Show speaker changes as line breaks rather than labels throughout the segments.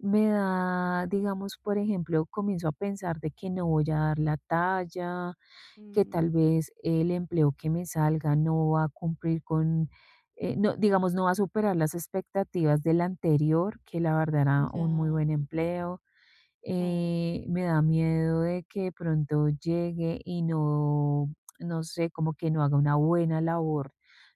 Me da, digamos, por ejemplo, comienzo a pensar de que no voy a dar la talla, que
Mm.
tal vez el empleo que me salga no va a cumplir con, eh, no, digamos, no va a superar las expectativas del anterior que, la verdad era un muy
Ya.
buen empleo,
Oh.
eh, me da miedo de que de pronto llegue y no no sé, como que no haga una buena labor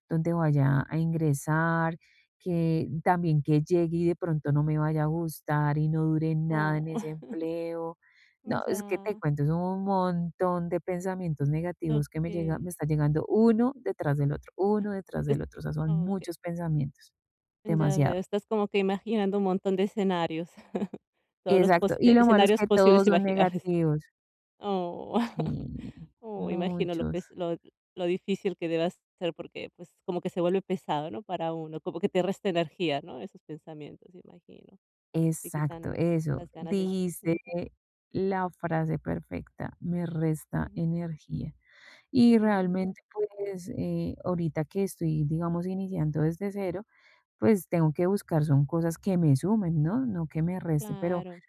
donde vaya a ingresar, que también que llegue y de pronto no me vaya a gustar y no dure nada
Oh.
en ese empleo. No, es que te
Ya.
cuento, son un montón de pensamientos negativos que me llega
Okey.
me está llegando uno detrás del otro,
Ah,
uno detrás
es
del otro, o sea, son
Okey.
muchos pensamientos,
Ya veo,
demasiado.
estás como que imaginando un montón de escenarios. Todos los
Exacto.
pos
Y
eh,
lo malo es
escenarios
que todos
posibles
son
imaginables.
negativos.
Oh.
Sí,
Oh, imagino lo
muchos.
pes lo lo difícil que debe ser, porque pues, como que se vuelve pesado, ¿no?, para uno. Como que te resta energía, ¿no?, esos pensamientos, imagino. Te
Exacto,
quitan
eso,
las ganas de
dijiste
ujú.
la frase perfecta: "Me resta
Ujú.
energía". Y
Mm.
realmente, pues, eh, ahorita que estoy, digamos, iniciando desde 0, pues, tengo que buscar son cosas que me sumen, ¿no?, no que me resten, pero
Claro.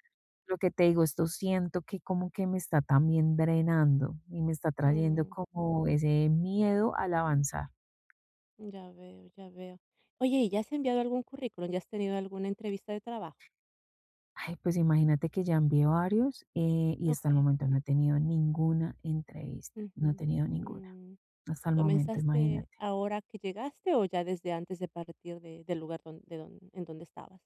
lo que te digo, esto siento que como que me está también drenando y me está trayendo
Mm.
como ese miedo al avanzar.
Ya veo, ya veo. Oye, ¿y ya has enviado algún currículum? ¿Ya has tenido alguna entrevista de trabajo?
Ay, pues imagínate que ya envié varios, eh, y hasta el
Okey.
momento no he tenido ninguna entrevista. No he
Ujú,
tenido ninguna.
mm,
Hasta el momento,
¿comenzaste
imagínate
ahora que llegaste o ya desde antes de partir de del lugar don de don en donde estabas?